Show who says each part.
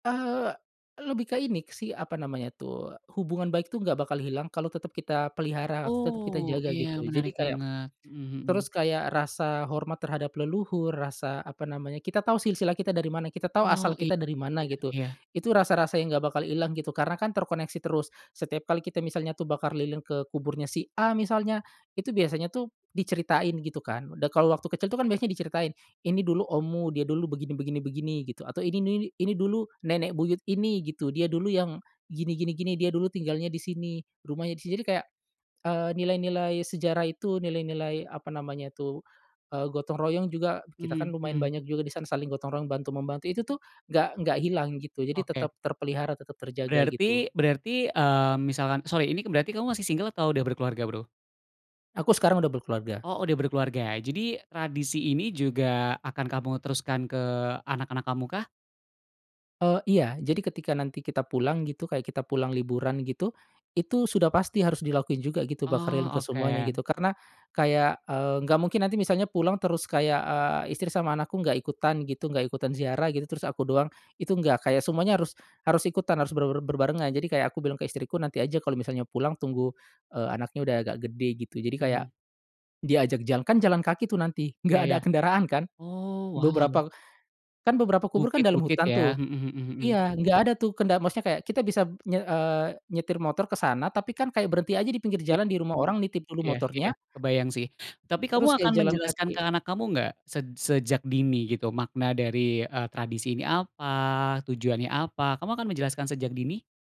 Speaker 1: Eee, lebih ke ini sih apa namanya tuh, hubungan baik tuh nggak bakal hilang kalau tetap kita pelihara atau tetap kita
Speaker 2: Oh,
Speaker 1: jaga,
Speaker 2: iya
Speaker 1: gitu. Jadi
Speaker 2: menarik
Speaker 1: kayak
Speaker 2: banget, mhm mhm.
Speaker 1: terus kayak rasa hormat terhadap leluhur, rasa apa namanya kita tau silsilah kita dari mana, kita tau
Speaker 2: Wow
Speaker 1: asal
Speaker 2: [unintelligible]
Speaker 1: kita dari mana
Speaker 2: iya
Speaker 1: gitu.
Speaker 2: iya.
Speaker 1: Itu rasa-rasa yang enggak bakal hilang gitu, karena kan terkoneksi terus. Setiap kali kita misalnya tuh bakar lilin ke kuburnya si A misalnya, itu biasanya tuh diceritain gitu kan, udah kalau waktu kecil itu kan biasanya diceritain, "ini dulu ommu, dia dulu begini begini begini" gitu. Atau "ini ini ini dulu nenek buyut ini" gitu, "dia dulu yang, gini gini gini. Dia dulu tinggalnya di sini, rumahnya di sini" jadi kayak, eee, nilai-nilai sejarah itu, nilai-nilai, apa namanya tuh, eee, gotong-royong juga, kita kan
Speaker 2: Mhm
Speaker 1: lumayan
Speaker 2: mhm.
Speaker 1: banyak juga di sana, saling gotong-royong bantu membantu. Itu tuh, nggak nggak hilang gitu, jadi
Speaker 2: Oke.
Speaker 1: tetap terpelihara, tetap terjaga,
Speaker 2: Berarti
Speaker 1: gitu.
Speaker 2: berarti, eee, misalkan sorry ini berarti kamu masih single atau udah berkeluarga Bro?
Speaker 1: Aku sekarang udah berkeluarga.
Speaker 2: Oh udah berkeluarga, jadi tradisi ini juga akan kamu teruskan ke anak-anak kamu kah?
Speaker 1: Eee, iya jadi ketika nanti kita pulang gitu kayak kita pulang liburan gitu. Itu sudah pasti harus dilakuin juga gitu bakar
Speaker 2: Oh
Speaker 1: lilin ke semuanya
Speaker 2: oke.
Speaker 1: gitu, karena, kayak, eee, nggak mungkin nanti misalnya pulang terus kayak, eee, istri sama anakku nggak ikutan gitu, nggak ikutan ziarah gitu, terus aku doang, itu nggak. Kayak semuanya harus harus ikutan, harus ber ber berbarengan. Jadi kayak aku bilang ke istriku, nanti aja kalo misalnya pulang tunggu, eee, anaknya udah agak gede, gitu. Jadi kayak,
Speaker 2: Mhm.
Speaker 1: diajak jalan, kan jalan kaki tuh nanti nggak
Speaker 2: Ya
Speaker 1: ada
Speaker 2: ya.
Speaker 1: kendaraan kan.
Speaker 2: oh wow.
Speaker 1: Beberapa, kan beberapa kubur kan dalam
Speaker 2: Bukit-bukit
Speaker 1: hutan
Speaker 2: ya?
Speaker 1: tuh
Speaker 2: Mhm mhm mhm.
Speaker 1: iya, nggak ada tuh kenda maksudnya kayak kita bisa nye eee, nyetir motor ke sana, tapi kan kayak berhenti aja dipinggir
Speaker 2: Ya,
Speaker 1: jalan, dirumah
Speaker 2: mhm,
Speaker 1: orang nitip dulu
Speaker 2: iya iya
Speaker 1: motornya
Speaker 2: kebayang sih. Tapi kamu
Speaker 1: terus kayak
Speaker 2: akan
Speaker 1: jalan
Speaker 2: menjelaskan ke
Speaker 1: kaki.
Speaker 2: anak kamu nggak sej sejak dini gitu makna dari, eee, tradisi ini apa? Tujuannya apa? Kamu akan menjelaskan sejak dini?